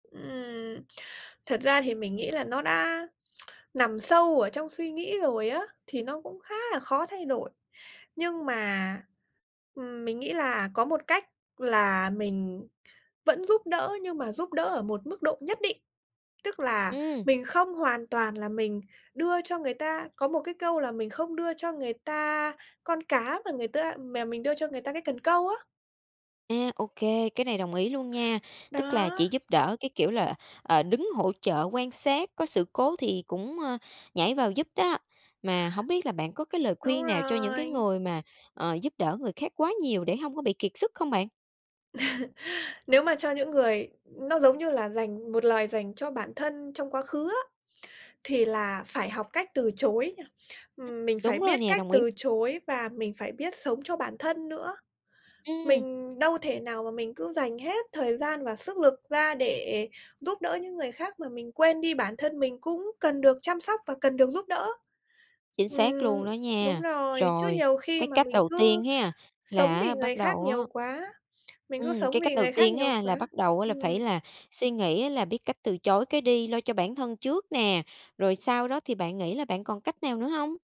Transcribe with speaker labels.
Speaker 1: Ừm, thật ra thì mình nghĩ là nó đã nằm sâu ở trong suy nghĩ rồi á, thì nó cũng khá là khó thay đổi. Nhưng mà, ừm, mình nghĩ là có một cách là mình vẫn giúp đỡ, nhưng mà giúp đỡ ở một mức độ nhất định. Tức là
Speaker 2: Ừm.
Speaker 1: mình không hoàn toàn là mình đưa cho người ta, có một cái câu là "Mình không đưa cho người ta con cá, mà người ta mè mình đưa cho người ta cái cần câu á."
Speaker 2: A, ô kê, cái này đồng ý luôn nha. Tức là chỉ
Speaker 1: Đó.
Speaker 2: giúp đỡ cái kiểu là, ờ, đứng hỗ trợ quan sát, có sự cố thì cũng, ơ, nhảy vào giúp đó. Mà hổng biết là bạn có cái lời
Speaker 1: Đúng
Speaker 2: khuyên nào cho những cái
Speaker 1: rồi.
Speaker 2: người mà, ờ, giúp đỡ người khác quá nhiều để hông có bị kiệt sức không bạn?
Speaker 1: Nếu mà cho những người nó giống như là dành một lời dành cho bản thân trong quá khứ á, thì là phải học cách từ chối,
Speaker 2: Ừm,
Speaker 1: ừm, mình phải
Speaker 2: đúng rồi
Speaker 1: biết
Speaker 2: nè,
Speaker 1: cách
Speaker 2: đồng ý.
Speaker 1: từ chối và mình phải biết sống cho bản thân nữa.
Speaker 2: Ừm.
Speaker 1: Mình đâu thể nào mà mình cứ dành hết thời gian và sức lực ra để giúp đỡ những người khác mà mình quên đi bản thân mình cũng cần được chăm sóc và cần được giúp đỡ.
Speaker 2: Chính xác luôn
Speaker 1: Ừm,
Speaker 2: đó
Speaker 1: đúng
Speaker 2: nha.
Speaker 1: rồi. Chứ
Speaker 2: Rồi,
Speaker 1: nhiều khi
Speaker 2: cái
Speaker 1: mà
Speaker 2: cách
Speaker 1: mình
Speaker 2: đầu
Speaker 1: cứ
Speaker 2: tiên ha,
Speaker 1: sống
Speaker 2: là
Speaker 1: vì
Speaker 2: á
Speaker 1: người
Speaker 2: bắt
Speaker 1: khác
Speaker 2: đầu á
Speaker 1: nhiều quá mình cứ
Speaker 2: ừm,
Speaker 1: sống
Speaker 2: cái
Speaker 1: vì
Speaker 2: cách đầu
Speaker 1: người khác
Speaker 2: tiên
Speaker 1: nhiều
Speaker 2: ha, là
Speaker 1: quá
Speaker 2: bắt đầu là phải
Speaker 1: ừm.
Speaker 2: là suy nghĩ là biết cách từ chối cái đi, lo cho bản thân trước nè, rồi sau đó thì bạn nghĩ là bạn còn cách nào nữa hông?